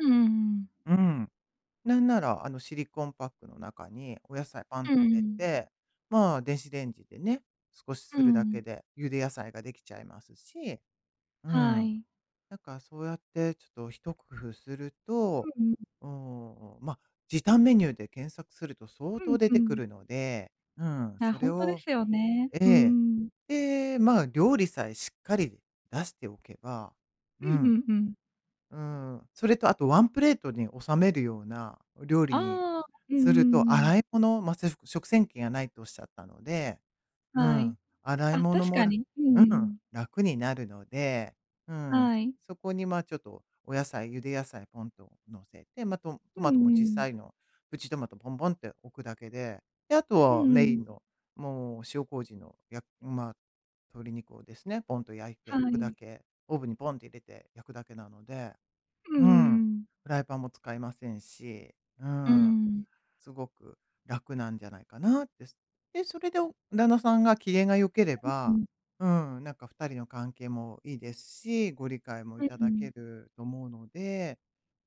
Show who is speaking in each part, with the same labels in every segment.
Speaker 1: うんうんうん。
Speaker 2: うん。なんならあの、シリコンパックの中にお野菜パンっ
Speaker 1: うー
Speaker 2: て入れ
Speaker 1: ん。
Speaker 2: て、まあ、電子レンジでね、少し
Speaker 1: う
Speaker 2: するだ
Speaker 1: ん。
Speaker 2: けで、茹で野菜ができちゃいますし、うん。
Speaker 1: はい。
Speaker 2: なんかそうやってちょっと一工夫すると、
Speaker 1: うんうん。
Speaker 2: おお、ま、時短メニューで検索すると相
Speaker 1: う
Speaker 2: 当
Speaker 1: ん
Speaker 2: 出
Speaker 1: う
Speaker 2: てく
Speaker 1: ん。
Speaker 2: るので、うん、
Speaker 1: いや、
Speaker 2: そ
Speaker 1: ほ
Speaker 2: れ
Speaker 1: んとで
Speaker 2: を
Speaker 1: すよね。
Speaker 2: え
Speaker 1: うー
Speaker 2: え。
Speaker 1: ん。
Speaker 2: で、まあ、料理さえしっかり出しておけば、
Speaker 1: う
Speaker 2: う
Speaker 1: んう
Speaker 2: ん。
Speaker 1: んうん。
Speaker 2: うーん、それとあとワンプレートに収めるようなお料理に
Speaker 1: ああ、うんう
Speaker 2: すると、
Speaker 1: んうん。
Speaker 2: 洗い物、ま、つふ食洗機がないとおっしゃったので。う
Speaker 1: はい。
Speaker 2: ん、洗い
Speaker 1: あ、
Speaker 2: 物
Speaker 1: 確
Speaker 2: も
Speaker 1: か
Speaker 2: ら
Speaker 1: に、うんう
Speaker 2: う
Speaker 1: んう
Speaker 2: ん、
Speaker 1: ん。
Speaker 2: 楽になるので、うん。
Speaker 1: はい。
Speaker 2: そこに、ま、ちょっとお野菜、茹で野菜ポンと乗せて、ま、とん
Speaker 1: う
Speaker 2: ト
Speaker 1: ん
Speaker 2: マトもちっ
Speaker 1: う
Speaker 2: さ
Speaker 1: ん。
Speaker 2: いの、プチトマトボンボンって置くだけで、で、あと
Speaker 1: う
Speaker 2: は
Speaker 1: んう
Speaker 2: メイ
Speaker 1: ん。
Speaker 2: ンの、もう塩麹のやまあ、鶏肉をですね、ポンと焼いて
Speaker 1: は
Speaker 2: 置くだ
Speaker 1: い。
Speaker 2: け、オーブンにポンと入れて焼くだけなので、
Speaker 1: うんうん
Speaker 2: うん。
Speaker 1: うん。
Speaker 2: フライパンも使いませんし、う
Speaker 1: う
Speaker 2: ん。
Speaker 1: ん。
Speaker 2: すごく楽なんじゃないかなってすで、それでお旦那さんが機嫌が良けれ
Speaker 1: [unintelligible] う
Speaker 2: ば
Speaker 1: ん。
Speaker 2: うん、なんか2人の関係もいいですし、ご理解もい
Speaker 1: え、
Speaker 2: た
Speaker 1: う
Speaker 2: だ
Speaker 1: ん。
Speaker 2: けると思うので、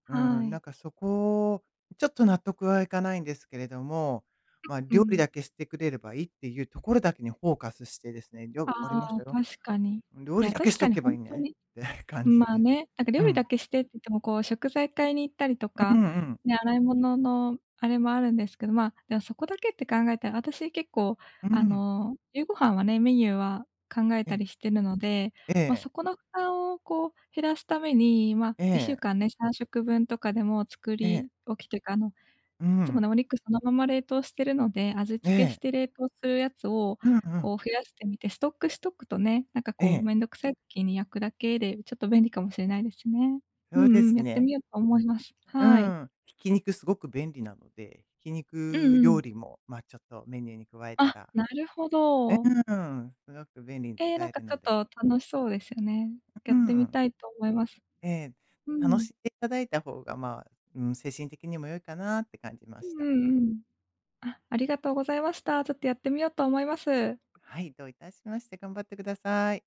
Speaker 2: うー
Speaker 1: は
Speaker 2: ん、な
Speaker 1: い。
Speaker 2: んかそこ、ちょっと納得はいかないんですけれども、まあ
Speaker 1: う、う
Speaker 2: 料理
Speaker 1: ん。
Speaker 2: だけしてくれればいいっていうところだけにフォーカスしてですね、「じゃあ、
Speaker 1: あ
Speaker 2: わかりまし
Speaker 1: あ、
Speaker 2: たよ。
Speaker 1: 確かに。い
Speaker 2: ん、料理
Speaker 1: や
Speaker 2: だけ
Speaker 1: 確
Speaker 2: し
Speaker 1: か
Speaker 2: と
Speaker 1: に
Speaker 2: け
Speaker 1: ほ
Speaker 2: ばい
Speaker 1: ん
Speaker 2: い
Speaker 1: と
Speaker 2: ね」
Speaker 1: に、
Speaker 2: って
Speaker 1: ん、
Speaker 2: 感じ
Speaker 1: ま、
Speaker 2: で。
Speaker 1: ね、なんか
Speaker 2: う
Speaker 1: 料理だ
Speaker 2: ん。
Speaker 1: けしてって言ってもこう食材買いに行ったりと
Speaker 2: うう
Speaker 1: か、
Speaker 2: んうん。
Speaker 1: ね、洗い物のあれもあるんですけど、まあ、いや、そこだけって考えたらあたし結構
Speaker 2: う
Speaker 1: あ
Speaker 2: ん。
Speaker 1: の、夕ご飯はね、メニューは考え
Speaker 2: え
Speaker 1: た
Speaker 2: え。
Speaker 1: りしてるので、
Speaker 2: え
Speaker 1: ま、
Speaker 2: え。
Speaker 1: そこの負担をこう減らすために、ま、
Speaker 2: え
Speaker 1: いっしゅう
Speaker 2: え。
Speaker 1: かんね、3食分とかでも作
Speaker 2: ええ。
Speaker 1: り置きというかあの
Speaker 2: う
Speaker 1: いつも
Speaker 2: ん。
Speaker 1: ね、お肉そのまま冷凍してるので、味
Speaker 2: え
Speaker 1: 付けし
Speaker 2: え。
Speaker 1: て冷凍するやつを
Speaker 2: うんうん。
Speaker 1: こう増やしてみて、ストックしとくとね、なんか
Speaker 2: え
Speaker 1: こう
Speaker 2: え。
Speaker 1: 面倒くさいきに焼くだけでちょっと便利かもしれないですね。う
Speaker 2: ようで
Speaker 1: んうん、
Speaker 2: す
Speaker 1: やって
Speaker 2: ね。
Speaker 1: みようと思います。
Speaker 2: う
Speaker 1: はい。
Speaker 2: ん、ひき肉すごく便利なので、ひき
Speaker 1: うん
Speaker 2: 肉
Speaker 1: う
Speaker 2: 料
Speaker 1: ん。
Speaker 2: 理もまあちょっとメニューに加えた
Speaker 1: あ、
Speaker 2: ら。
Speaker 1: なるほ
Speaker 2: え、う
Speaker 1: ど。
Speaker 2: ーん、すごく便利に
Speaker 1: え、
Speaker 2: 使
Speaker 1: なん
Speaker 2: え
Speaker 1: か
Speaker 2: る
Speaker 1: ちょ
Speaker 2: の
Speaker 1: っ
Speaker 2: で。
Speaker 1: と楽しそうですよね。や
Speaker 2: うう
Speaker 1: ってみ
Speaker 2: ん。
Speaker 1: たいと思います。
Speaker 2: ええ。
Speaker 1: う
Speaker 2: 楽
Speaker 1: ん。
Speaker 2: しでいただいた方が、まあ、うん、精神的にも良いかなって感じま
Speaker 1: うん
Speaker 2: した。
Speaker 1: うんうん。あ、ありがとうございました。ちょっとやってみようと思います。
Speaker 2: はい、どういたしまして、頑張ってください。